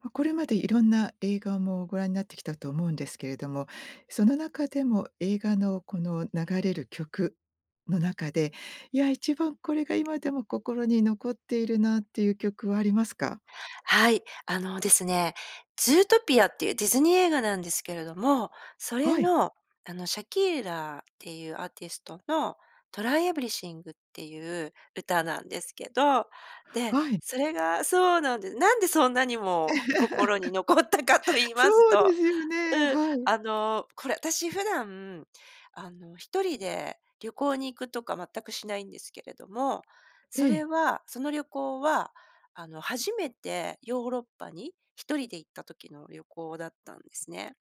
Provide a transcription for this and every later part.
ま、これまでいろんな映画もご覧になってきたと思うんですけれども、その中でも、映画のこの流れる曲の中で「いや一番これが今でも心に残っているな」っていう曲はありますか？はい。あの、ですね、ズートピアっていうディズニー映画なんですけれども、それはい。の、あの、シャキーラっていうアーティストのトライエブリシングっていう歌なんですけど、ではいそれがそうなんで、なんでそんなにも 心に残ったかと言いますそうでと、すよね、うん、はい。あの、これ私普段、あの、1人で旅行に行くとか全くしないんですけれども、えそれえ。はその旅行は、あの、初めてヨーロッパに1人で行った時の旅行だったんですね。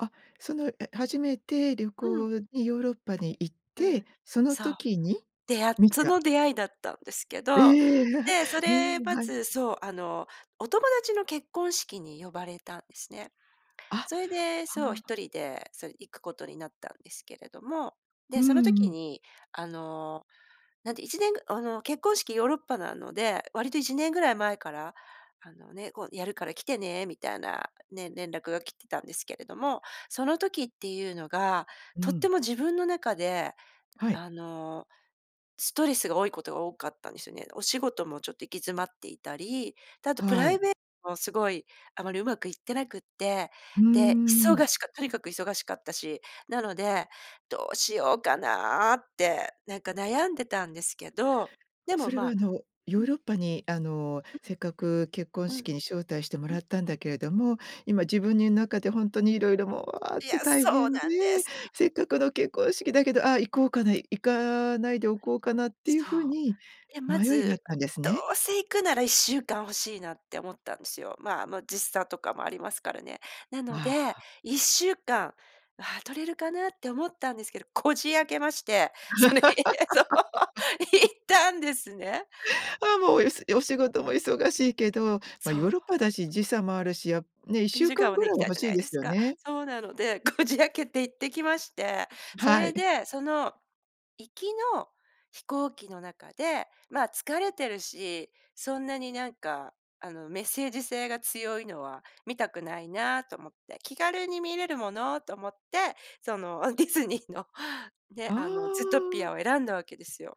あ、そのえ初めて旅うん。行にヨーロッパに行っうてん、そのそう。時にで、あ見そた。の出会いだったんですけえど、え、でそうれーん、まはい。ずそう、あの、お友達の結婚式に呼ばれたんですね。あ、それで、はそうあ。一人で、そ、行くことになったんですけれども。うで、そのんう時ん。に、あの、なんで1年あの、結婚式ヨーロッパなので、割と1年ぐらい前から、あの、ね、こう「やるから来てね」みたいな、ね、連絡が来てたんですけれども、その時っていうのがうとっん。ても自分の中で、はい。あの、ストレスが多いことが多かったんですよね。お仕事もちょっと行き詰まっていたり、で、あとプはライい。ベートもすごい、あまりうまくいってなくって、うーで、忙ん。しかとにかく忙しかったし、なので、どうしようかなあってなんか悩んでたんですけど、でそも、れは、あまの、ヨうーん。ロッパに、あの、せっかく結婚うん、うん、式に招待してもうらん。ったんだけれども、今自分に中でほんとに色々もう、うわっいや、て大そう変でなんです。せっかでくの結婚式だけど「ああ、行こうかな、行かないでおこうかな」っていうそ風う。にで、ま迷いがあっずたんですどね。うせ行くなら1週間欲しいなって思ったんですよ。ま、もう時差とかもありますからね。なのあで、あ。1週間、ああ、取れるかなって思ったんですけどこじ開けまして。それそう行ったんですね。ああ、もうおいお仕事も忙しいけど、ま、そヨーう。ロッパだし時差もあるしやね、いっしいゅう時か間んはぐねらいいきはたい欲じしゃいないでですすよか。ね。そうなのでこじ開けて行ってきましてそはれい。で、その、行きの飛行機の中で、ま、疲れてるし「そんなになんか、あの、メッセージ性が強いのは見たくないな」と思って、気軽に見れるものと思って、そのディズニーのね、ああの、ズートピあ。アを選んだわけですよ。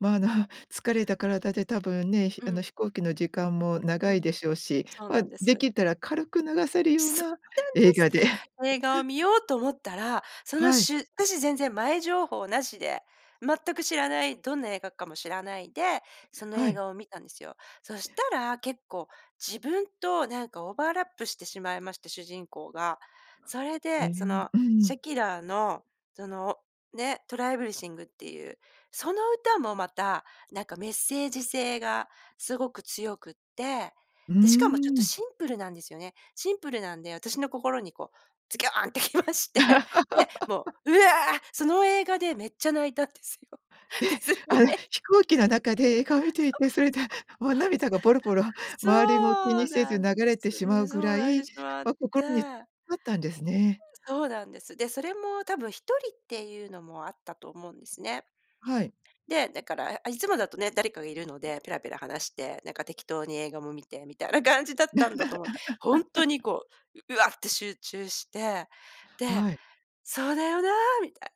ま、あの、疲れた体で多分ね、ひうあの、ん。飛行機の時間もう長いん、でしょうし、そうま、なんでです。きたら軽く流せるようそなうなんで映す。画で 映画を見ようと思ったらそのはい。しゅ私全然前情報なしで全く知らない、どんな映画かも知らないで、そのは映い。画を見たんですよ。そしたら結構自分となんかオーバーラップしてしまいまして主人公が。それえで、そん、のうシん。ャキーラのそのね、トライエブリシングっていう、その歌もまたなんかメッセージ性がすごく強くって、うーでしかもちょっとん。シンプルなんですよね。シンプルなんで私の心に、こう、ズギョーンってきましてで、もうう わその映画でめっちゃ泣いたんですよ。え、ディズニーあらえい飛行機の中で映画を見 ていて、それでもう涙がポロポロそ周りも気う、そにう、そそう、せずなん流でれす。てしまうぐそうら泣いい、てしまっま、心に刺て。さったんですね。そうなんです。で、それも多分1人っていうのもあったと思うんですね。はい。で、だからああいつもだとね誰かがいるので、ペラペラ話して、なんか適当に映画も見てみたいな感じだったんだと思う。ほんとに、こう、うわって集中して、ではい。「そうだよな」みたい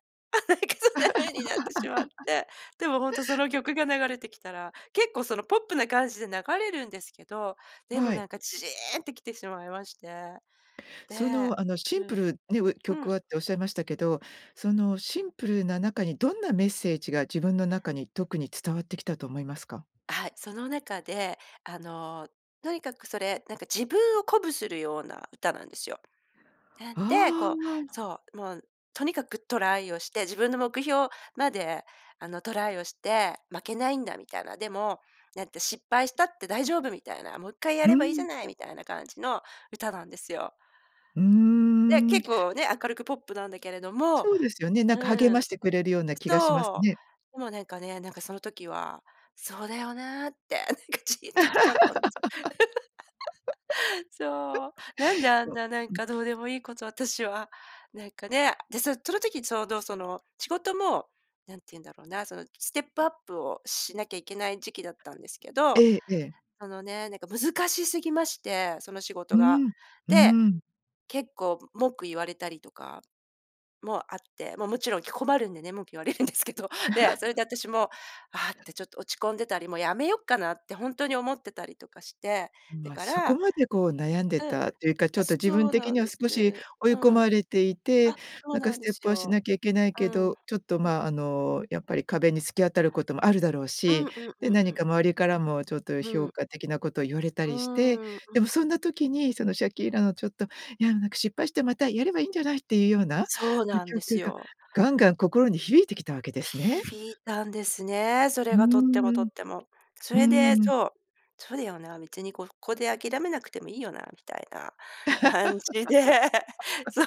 なんかそんな風になってしまってでも ほんとその曲が流れてきたら、結構そのポップな感じで流れるんですけど、でもはない。んかじいんってきてしまいまして。そでの、あの、シうンプん、ルねうえう曲ん。はっておっしゃいましたけど、そのシンプルな中にどんなメッセージが自分の中に特に伝わってきたと思いますか？はい。その中で、あの、とにかくそれ、なんか自分を鼓舞するような歌なんですよ。なんで、あこう、あ。そう、もうとにかくトライをして自分の目標まで、あの、「トライをして負けないんだ」みたいな。でも、なんて「失敗したって大丈夫」みたいな「もう一回やうればいいじゃん。ない」みたいな感じの歌なんですよ。うーで、ん。結構ね明るくポップなんだけれどもそうですよね、なうんか励まん、してくれるような気がしますそう、ね。でもなんかね、なんかその時は、そうだよなってなんかじいんてきちゃったんです。そう。なんで あんとななんうん。かどうでもいいこと私はなんかね。でさ、その時ちょうどその仕事も何て言うんだろうな、そのステップアップをしなきゃいけない時期だったんですけど、ええ、ええ。あのね、なんか難しすぎまして、その仕う事が。ーん、うーで、ん。結構文句言われたりとかもあって、ま、もちろんき困るんでね文句言われるんですけどで、それ で私も、ああってちょっと落ち込んでたり、もう辞めよっかなってほんとに思ってたりとかして。ん、だま、かそこらまで、こう、悩んでうん、たというか、ちょあ、っと自そ分う的なんにはで少しす、追いう込ん、まれていて、あ、そうなんかなんスでテッすプはしよ。なきゃいけないうけん、ど、ちょっと、うん。ま、あの、やっぱり壁に突き当たることもあるだろううん、し、うん、うでん、う何ん。か周りからもちょっとう評ん。価的なことを言われたうりして、ーん、うでもん。そんな時にそのシャキーラの「ちょっと、いやなんか失敗してまたやればいんじゃない」っていうような、ん、そうなんで曲すがよ。ガンガン心に響いてきたわけですね。響いたんですね。そうれーがとってもとん、っても。そうれで、ーん。そう「そうだよな、別にここで諦めなくてもいいよな」みたいな感じでそう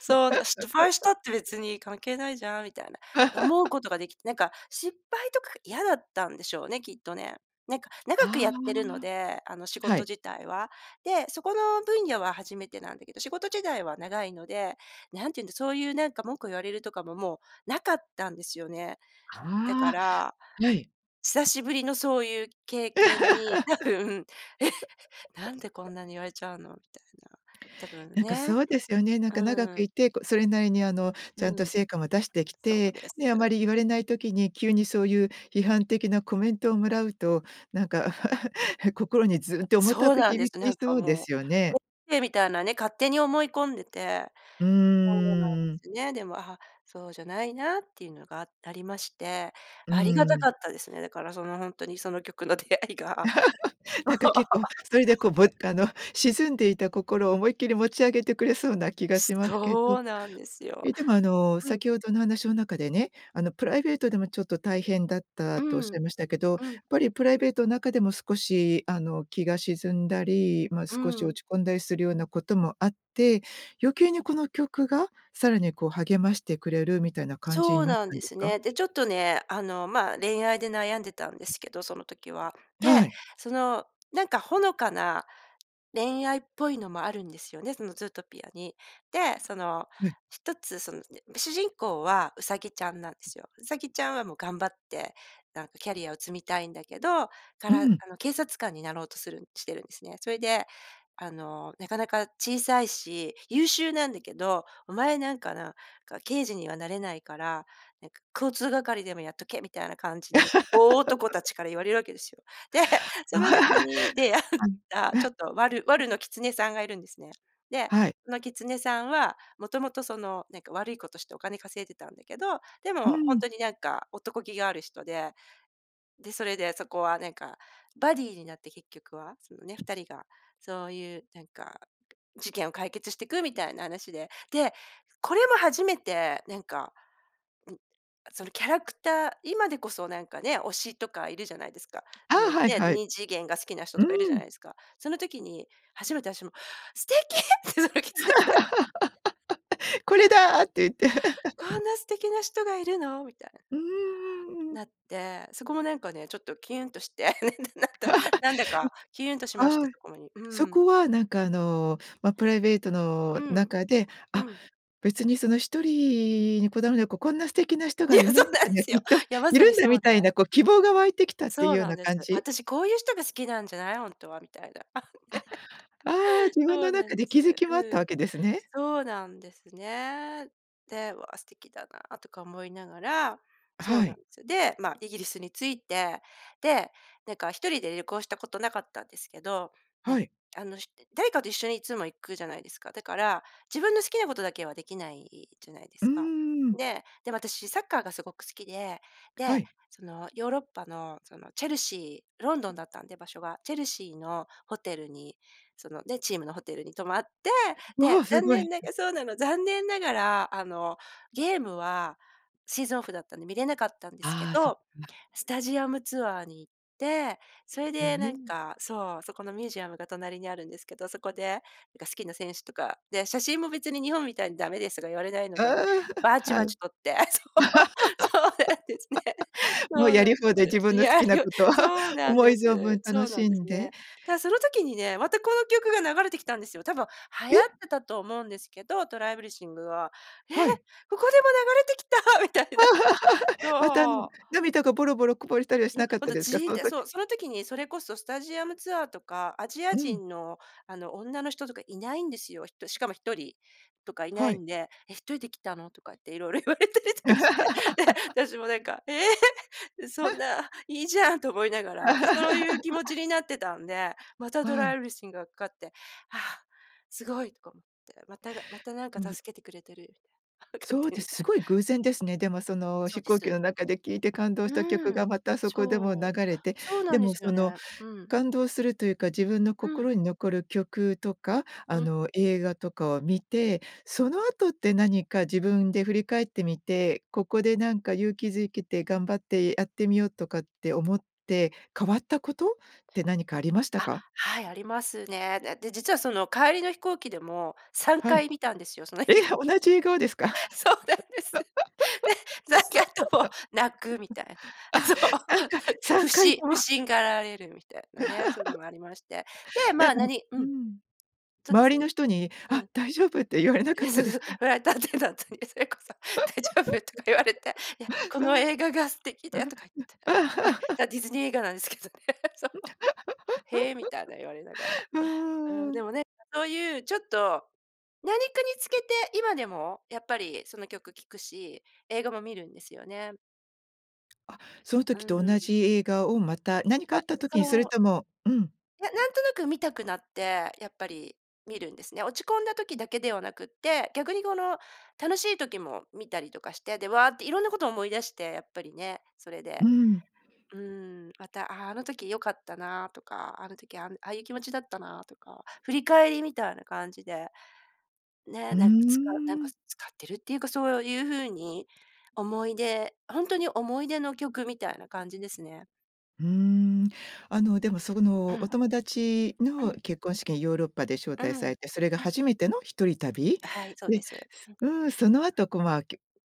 そうな失敗したって 別に関係ないじゃんみたいな。思う ことができて、なんか失敗とか嫌だったんでしょうね、きっとね。なんか、長くあやってるので、あの、仕あ、は事い。自体は。で、そこの分野は初めてなんだけど仕事自体は長いので、何て言うんですそういうなんか文句言われるとかももうなかったんですよね。だかはら、あ、はい。久しぶりのそういう経験に多分、え、なんでこ んなに言われちゃうのみたいな、多分なんかね。そうですよね。なんか長うくん。いてこそれなりに、あの、ちうゃんとん、成果も出してきそうて、です。で、あまり言われない時に急にそういう批判的なコメントをもらうと、なんか 心にずんて重たそうくなんで響す。きなんかそうでもう、すとよね。ってみたいなね勝手に思い込んでて。うーそうなんでん。すね。でも、あ、そうじゃないなっていうのがあありまして。うありがたーん。かったですね。だからそのほんとにその曲の出会いが、そう。なんか結構、それで、こ う、ぶあの、沈んでいた心を思いっきり持ち上げてくれそうな気がしますけど。そうなんですよ、え、でも、あの、うん。先ほどの話の中でね、あの、プライベートでもちょっと大変だっうたとおっしゃん、いましたけど、やっうん。ぱりプライベートの中でも少し、あの、気が沈んだり、ま、う少し落ん。ち込んだりするようなこともあって、余計にこの曲がさらに、こう、励ましてくれるみたいな感じそにうなっなんたんでですすか？ね。で、ちょっとね、あの、ま、恋愛で悩んでたんですけどその時は。で、はい。そのなんかほのかな恋愛っぽいのもあるんですよね、そのズートピアに。で、その、ない。一つその [unintelligible] 主人公はウサギちゃんなんですよ。ウサギちゃんはもう頑張ってなんかキャリアを積みたいんだけど、かうらん。あの、警察官になろうとするしてるんですね。それで、あの、なかなか小さいし優秀なんだけど「お前なんかな、か刑事にはなれないから、なんか、交通係でもやっとけ」みたいな感じに、大男た ちから言われるわけですよ。で、そはの時に出会ったい。ちょ っとワルワルのキツネさんがいるんですね。で、はい。そのキツネさんはもともとそのなんか悪いことしてお金稼いでたんだけど、でうもほんん。とになんか男気がある人で。で、それでそこはなんか、バディになって結局は、そのね、2人が、そういうなんかく事件を解決してくみたいな話で。で、これも初めてなんか、うんそのキャラクター、今でこそなんかね、推しとかいるじゃないですか。ああの、あ、はいね、はい。二次元が好きな人うとかいるじゃなん。いですか。その時に初めて私も素敵って、そのキツネさん これだって言って。こんな素敵な人がいるの？みたいな。うーん、うん、うん。なってそこもなんかねちょっとキュンとして なっ てなんだかキュンとし ましんてはいそこに、うそん。こはなんか、あの、ま、プライベートのうん、中で、うあ、ん。別にその一人にこだわらなここんな素敵な人いがや、そ世うのなん中でにはきすよ。っといやまいさるにんそだみうでたいな、こう、希望が湧いてきたっていうそうようなんなです。感じ？私こういう人が好きなんじゃないほんとはみたいな。あ、ああ、ね、自分そのうな中んでで気す。づきもあっうたわん。けですね。そうなんですね。で「わあ素敵だな」とか思いながらそうはなんい。です。で、ま、イギリスに着いて、で、なんか1人で旅行したことなかったんですけどはね、い。あの、ひ誰かと一緒にいつも行くじゃないですか。だから自分の好きなことだけはできないじゃないでうーすか。ん。で、でも私サッカーがすごく好きで、はで、い。そのヨーロッパの、そのチェルシー、ロンドンだったんで場所が。チェルシーのホテルにそので、チームのホテルに泊まって、わで、あ、す残ごい、念なん。がそうなの、残念ながら、あの、ゲームはシーズンオフだったんで見れなかったんですけああ、そっど、か。スタジアムツアーに行って、それへでなんえ。かそう、そこのミュージアムが隣にあるんですけど、そこでなんか好きな選手とか、で、写真も別に日本みたいに駄目ですとか言われないああ、ので、バチはバい。チ撮ってそう、そうなんですね。もそううやりなんで放題、自す。分いの好やきなよこと、そう なん思いで存分す、そ楽うなしんでんすでね。たその時にねまたこの曲が流れてきたんですよ。多分流行っえ？てたと思うんですけど、トライエブリシングは。え！はい。ここでも流れてきたみたいな。また、あの、そう。涙がボロボロこぼれたりはしいや、なかっほんたとですじか？いそんのてそ時。う、その時にそれこそスタジアムツアーとか、アジうアん。人の、あの、女の人とかいないんですよ。ひとしかも1人とかいなはいい。んで、え、1人で来たの？とかって色々言われたりとかして。で、私も なんかええそん な、いいじゃんと思いながら、でそういう気持ち になってたんで、またトはラい。イエブリシングがかかって、はあ、すごいとか思って、また、また何かでも助けてくれてるみたいな勝そう手でに。す。す ごい偶然ですね。でもそのそう飛で行機す。の中で聞いて感動した曲うん、がまたそこでも流そう、れて。そうなでんでもすそよのね、うん。感動するというか自分のうん。心に残る曲とか、あうん。の、映画とかを見て、その後って何か自分で振り返ってみて、ここでなんか勇気づけて頑張ってやってみようとかって思って、変わったことって何かありましたあ、か？はいありますね。で、実はその帰りの飛行機でも、さんはかい。い見たんですよその映え、画。同じ映画をですか？そうなんです。で3回とも泣くみたい あな。あ、そう、3回、さふんかいしと不は。審がられるみたいなね、そういうの もありまして。で、なんま、かあ何ううん。ん、そうで周すりね、の人にう「あ、ん。大丈夫？」って言われないかっえ、たそうでそすうか？フライトアテンダントにそれこそ、「大丈夫？」とか言われて「いや、こうのん。映画が素敵で」だとか言って。ね、だディズニー映画なんですけどね。そお。「へえ」みたいな言われながら。ううんーでん。もなんかそういうちょっと、何かにつけて今でもやっぱりその曲聴くし、映画も見るんですよね。あ、そのう時ーと同ん。じ映画をまた何かああ、った時に、それそうともうん。いや、なんとなく見たくなって、やっぱり見るんですね。落ち込んだ時だけではなくって、逆にこの、楽しい時も見たりとかして、で、わあって色んなことを思い出して、やっぱりね、それうで。ーん。うーん、また、あ、あの時よかったなとか、あの時あんああいう気持ちだったなとか、振り返りみたいな感じで、ね、うーなん使なんかん。使ってるっていうか、そういう風に、思い出ほんとに思い出の曲みたいな感じですね。うーん。あの、でも、そうの、おん。友達うのん。結婚式にヨーロッパで招う待ん。さうれて、それがん。初めての一人旅はい、そうで、です。うん。うーん、その後こう、ま、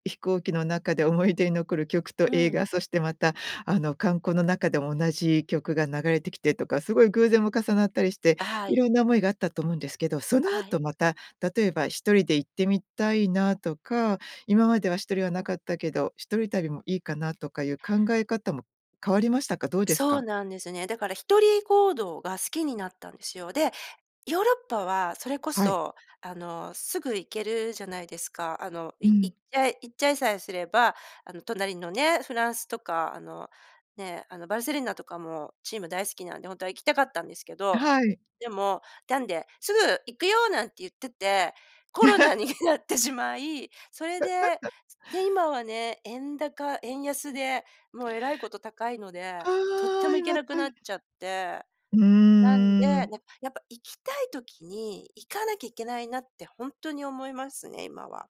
飛行機の中で思い出に残る曲とう映ん。画、そしてまた、あの、観光の中でも同じ曲が流れてきてとか、すごい偶然も重なったりして、はいい。ろんな思いがあったと思うんですけど、そのはい。後また、例えば1人で行ってみたいなとか、今までは1人はなかったけど、一人旅もいいかなとかいう [unintelligible] 考え方も変わりましたか？どうですそうか？なんですね。だから一人行動が好きになったんですよ。で、ヨーロッパはそれこはい。そ、あの、すぐ行けるじゃないですか。あの、ういん。行っちゃい行っちゃいさえすれば、あの隣のね、フランスとか、あの、ね、あのバルセロナとかもチーム大好きなんで、ほんとは行きたかったんですけど、はい。でも、なんで、すぐ行くよなんて言ってて、コロナになって しまい、それで、で、今はね、円高、円安でもうえらいこと高いので、ああ、とってうも行んけなくうなん。っちゃって。うなんで、なーん。やっぱ行きたい時に行かなきゃいけないなってほんとに思いますね、今は。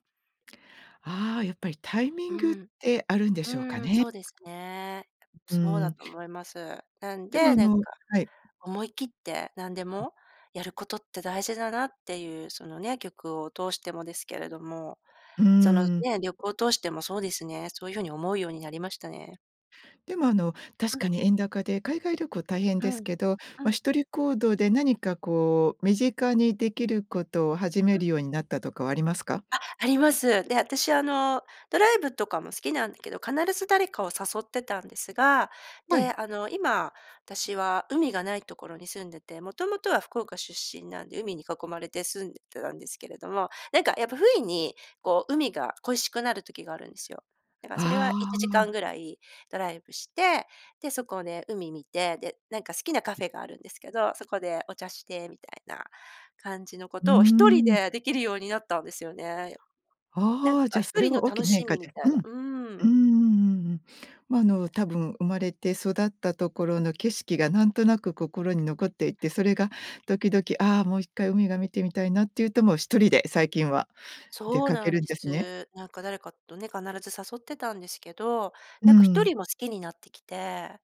ああ、やっぱりタイミうングっん。てあるんでうしょうかーん、ね。そうですね。うそうーだん。と思います。なんでもで、あなんか、のはい。思い切って何でうん。もやることって大事だなっていう、そのね、曲を通してもですけれども、うーそのん。ね、旅行を通してもそうですね、そういう風に思うようになりましたね。でもあの、確あ。かに円高で海外旅行大変うですん、けど、うま、ん。1人行動で何かこう、身近にできることを始めうん。るようになったとかはありますか？あ、あります。で、私あの、ドライブとかも好きなんだけど、必ず誰かを誘ってたんですが、はで、い。あの、今、私は海がないところに住んでて、元々は福岡出身なんで海に囲まれて住んでたんですけれども、なんかやっぱふいに、こう、海が恋しくなる時があるんですよ。だからそれはいあちじかあ。んぐらいドライブして、で、そこをね、海見て、で、なんか好きなカフェがあるんですけど、そこでお茶してみたいな感じのこうーとを1人ん。でできるようになったんですよね。なんああ、じかゃ、ひそとれりのは大き楽な変し化みみでたういな。ん。うーうん。んうんうんうん。ま、あの、多分生まれて育ったところの景色がなんとなく心に残っていて、それが時々「ああ、もう1回海が見てみたいな」って言うと、もう1人で最近は出そうかけなんるんでですね。す。なんか誰かとね、必ず誘ってたんですけど、うなんかひとん。りも好きになってきて。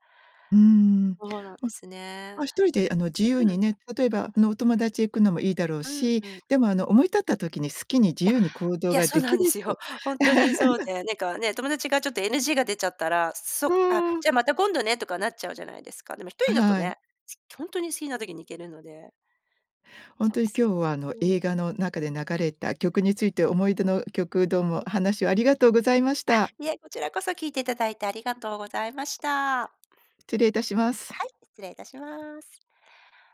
うーん。そうなんでま、すね。あ、1人であの自由うにん。ね、例えば、あの、お友達へ行くのもいいだろううんし、うん。でもあの思い立った時に好きに自いや、由に行動いや、がそうでなきんるでっすよ。て。本当にそう で、なんかね、友達がちょっと NG が出ちゃったら、うそ、あ、ーん。じゃまた今度ね、とかなっちゃうじゃないですか。でもひとあ、りだとはい。ね、す本当に好きな時に行けるので。本そ当うにです今ね。日は、あの、う映ん。画の中で流れた曲について思い出の曲、どうも、話をありがとうございましあ、た。いえ、こちらこそ聞いていただいてありがとうございました。失礼いたします。はい、失礼いたします。